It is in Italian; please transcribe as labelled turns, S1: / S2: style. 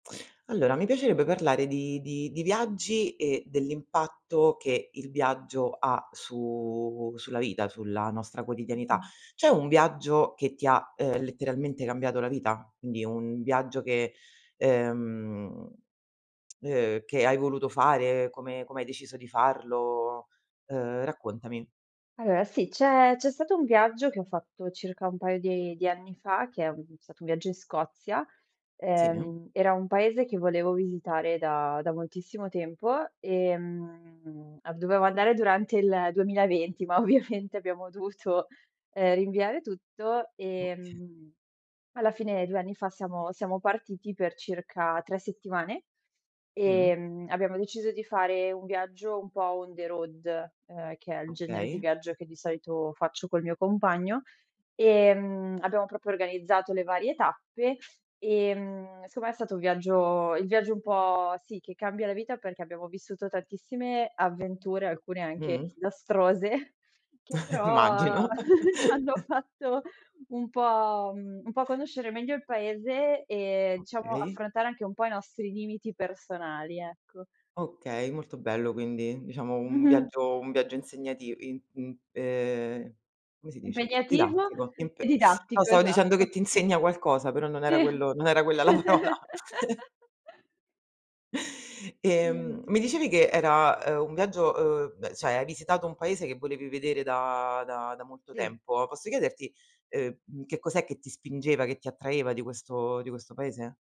S1: Allora, mi piacerebbe parlare di di di viaggi e dell'impatto che il viaggio ha su sulla vita, sulla nostra
S2: Mh
S1: quotidianità.
S2: mh.
S1: C'è un viaggio che ti ha, uhm, letteralmente cambiato la vita? Quindi un viaggio che, uhm, uhm, che hai voluto fare, come come hai deciso di farlo, uhm, raccontami.
S2: Allora, sì! C'è c'è stato un viaggio, che ho fatto circa un paio di di anni fa, che è un stato un viaggio in Scozia,
S1: Sì.
S2: ehm, era un paese che volevo visitare da da moltissimo tempo, ehm, ab dovevo andare durante il 2020, ma ovviamente abbiamo dovuto uhm, rinviare tutto
S1: Oka
S2: ehm, alla fine 2 anni fa siamo siamo partiti per circa 3 settimane.
S1: Mh.
S2: Ehm, abbiamo deciso di fare un viaggio un po' on the road uhm, che è il genere di
S1: Okay.
S2: viaggio che di solito faccio col mio compagno, ehm, abbiamo proprio organizzato le varie tappe, ehm, secondo me è stato un viaggio il viaggio un po' sì che cambia la vita, perché abbiamo vissuto tantissime avventure, alcune anche
S1: Mh.
S2: disastrose che però
S1: immagino!
S2: ci hanno fatto un po', mhmm, un pò conoscere meglio il paese e diciamo
S1: Okay.
S2: affrontare anche un po' i nostri limiti personali, ecco.
S1: Okay, molto bello quindi, diciamo un
S2: Mh-mh.
S1: viaggio un viaggio insegnativ im im uhm, come si dice,
S2: Impegnativo
S1: didattico
S2: e
S1: impe no,
S2: didattico,
S1: stavo dicendo
S2: esatto.
S1: che ti insegna qualcosa, però non
S2: Sì
S1: era quello non era quella la parola! Ehm, mi
S2: [unintelligible]
S1: dicevi che era, uhm, un viaggio, uhm, beh cioè hai visitato un paese che volevi vedere da da da molto
S2: Sì.
S1: tempo, posso chiederti, uhm, che cos'è che ti spingeva, che ti attraeva di questo di questo paese?